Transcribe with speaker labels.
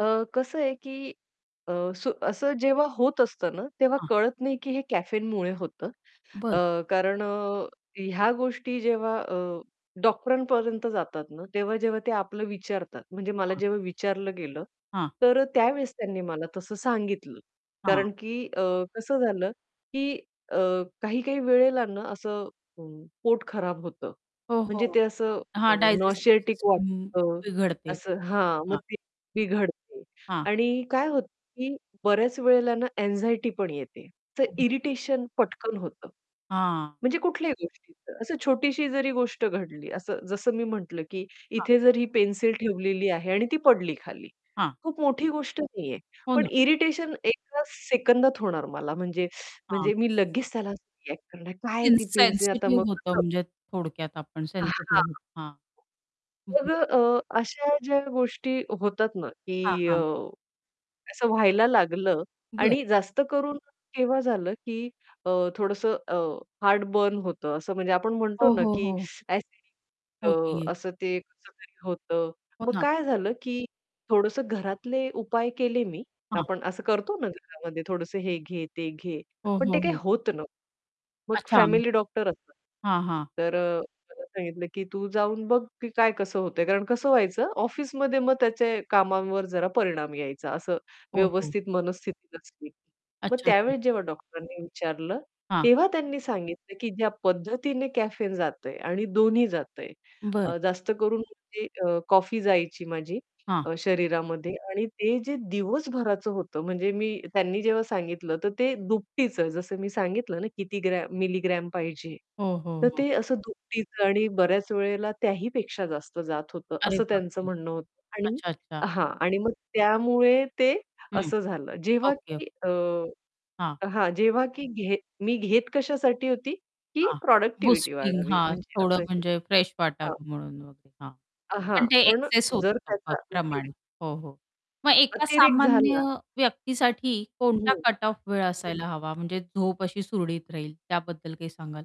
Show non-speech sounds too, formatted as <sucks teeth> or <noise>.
Speaker 1: अ, कसं आहे, की अ, सु असं जेव्हा होत असतं ना, तेव्हा
Speaker 2: हां.
Speaker 1: कळत नाही, की हे कॅफेनमुळे होतं
Speaker 2: बरं.
Speaker 1: अ, कारण अ, ह्या गोष्टी जेव्हा अ, डॉक्टरांपर्यंत जातात ना, तेव्हा जेव्हा ते आपलं विचारतात, म्हणजे मला
Speaker 2: हां.
Speaker 1: जेव्हा विचारलं गेलं,
Speaker 2: हां.
Speaker 1: तर अ, त्यावेळेस त्यांनी मला तसं सांगितलं
Speaker 2: हां.
Speaker 1: कारण, की अ, कसं झालं, की अ, काही-काही वेळेला ना असं अ, पोट खराब होतं
Speaker 2: हो,
Speaker 1: म्हणजे
Speaker 2: हो,
Speaker 1: ते असं
Speaker 2: हां.
Speaker 1: अ,
Speaker 2: डायजेस्टिव्ह
Speaker 1: नॉसिएटिक
Speaker 2: सिस्टमही
Speaker 1: वाटतं
Speaker 2: बिघडते,
Speaker 1: असं हां, मग
Speaker 2: हां.
Speaker 1: ते बिघडते
Speaker 2: हां.
Speaker 1: आणि काय होतं, की बऱ्याच वेळेला ना अँक्साइटी पण येते तर
Speaker 2: <unintelligible>
Speaker 1: इरिटेशन पटकन होतं.
Speaker 2: हां.
Speaker 1: म्हणजे कुठल्याही गोष्टीचं, असं छोटीशी जरी गोष्ट घडली असं जसं मी म्हटलं, की
Speaker 2: हां.
Speaker 1: इथे जर ही पेन्सिल ठेवलेली आहे आणि ती पडली खाली,
Speaker 2: हां.
Speaker 1: खूप मोठी गोष्ट नाहीये
Speaker 2: हो
Speaker 1: पण
Speaker 2: ना.
Speaker 1: इरिटेशन एका सेकंदात होणार मला म्हणजे
Speaker 2: हां.
Speaker 1: म्हणजे मी लगेच त्याला असं रिएक्ट करणार, "काय आहे ती पेन्सिल? आता मग
Speaker 2: इनसेन्सिटिव्ह होतं
Speaker 1: कसं"
Speaker 2: म्हणजे थोडक्यात आपण
Speaker 1: अ, हां,
Speaker 2: सेन्सिटिव्ह हां.
Speaker 1: मग अ,
Speaker 2: बरोबर.
Speaker 1: अ, अशा ज्या गोष्टी होतात ना,
Speaker 2: हां,
Speaker 1: की अ,
Speaker 2: हां.
Speaker 1: असं व्हायला लागलं
Speaker 2: बरं.
Speaker 1: आणि जास्त करून केव्हा झालं, की अ, थोडंसं अ, हार्ट बर्न होतं असं म्हणजे आपण म्हणतो
Speaker 2: हो,
Speaker 1: ना,
Speaker 2: हो,
Speaker 1: की
Speaker 2: हो.
Speaker 1: <sucks teeth> ॲसिडिटी
Speaker 2: हो
Speaker 1: अ,
Speaker 2: की.
Speaker 1: असं ते कसं तरी होतं.
Speaker 2: हो
Speaker 1: मग
Speaker 2: ना.
Speaker 1: काय झालं, की थोडंसं घरातले उपाय केले मी,
Speaker 2: हां.
Speaker 1: आपण असं करतो ना घरामध्ये थोडंसं हे घे, ते घे
Speaker 2: हो,
Speaker 1: पण ते
Speaker 2: हो,
Speaker 1: काही
Speaker 2: हो.
Speaker 1: होत नव्हतं. मग
Speaker 2: अच्छा.
Speaker 1: फॅमिली डॉक्टर असतात.
Speaker 2: हां, हां.
Speaker 1: तर अ, मला सांगितलं, की "तू जाऊन बघ की काय कसं होतंय?" कारण कसं व्हायचं ऑफिसमध्ये मग त्याचे कामांवर जरा परिणाम यायचा असं
Speaker 2: हो, हो.
Speaker 1: व्यवस्थित मनस्थिती नसली, की मग
Speaker 2: अच्छा, अच्छा.
Speaker 1: त्यावेळेस जेव्हा डॉक्टरांनी विचारलं
Speaker 2: हां.
Speaker 1: तेव्हा त्यांनी सांगितलं, की "ज्या पद्धतीने कॅफेन जातंय आणि दोन्ही जातंय,"
Speaker 2: बरं.
Speaker 1: अ, जास्त करून म्हणजे अ, कॉफी जायची माझी
Speaker 2: हां.
Speaker 1: अ, शरीरामध्ये. आणि ते जे दिवसभराचं होतं म्हणजे मी त्यांनी जेव्हा सांगितलं तर ते दुपटीच जसं मी सांगितलं ना किती ग्रॅम मिलीग्रॅम पाहिजे.
Speaker 2: हो, हो,
Speaker 1: तर
Speaker 2: हो.
Speaker 1: ते असं दुपटीचं आणि बऱ्याच वेळेला त्याही पेक्षा जास्त जात होतं
Speaker 2: अरे
Speaker 1: असं त्यांचं
Speaker 2: बापरे!
Speaker 1: म्हणणं होतं आणि
Speaker 2: अच्छा, अच्छा.
Speaker 1: हां. आणि मग त्यामुळे ते
Speaker 2: हं,
Speaker 1: असं झालं. जेव्हा,
Speaker 2: ओके.
Speaker 1: की अ,
Speaker 2: हां.
Speaker 1: हां, जेव्हा की घेत मी घेत कशासाठी होती, की
Speaker 2: हां,
Speaker 1: प्रॉडक्टिव्हिटी
Speaker 2: बूस्टिंग
Speaker 1: वाढावी
Speaker 2: हां.
Speaker 1: म्हणजे
Speaker 2: थोडं
Speaker 1: असं हे
Speaker 2: म्हणजे फ्रेश
Speaker 1: हां.
Speaker 2: वाटावं म्हणून वगैरे, हां.
Speaker 1: अ, हां,
Speaker 2: पण ते
Speaker 1: पण
Speaker 2: एक्सेस
Speaker 1: जर
Speaker 2: होतं प
Speaker 1: त्याचा
Speaker 2: प्रमाण.
Speaker 1: अतिरेक
Speaker 2: हो, हो. मग एका
Speaker 1: अतिरेक
Speaker 2: सामान्य
Speaker 1: झाला
Speaker 2: व्यक्तीसाठी कोणता
Speaker 1: हं.
Speaker 2: कट ऑफ वेळ
Speaker 1: हं.
Speaker 2: असायला हवा म्हणजे झोप अशी सुरळीत राहील त्याबद्दल काही सांगाल?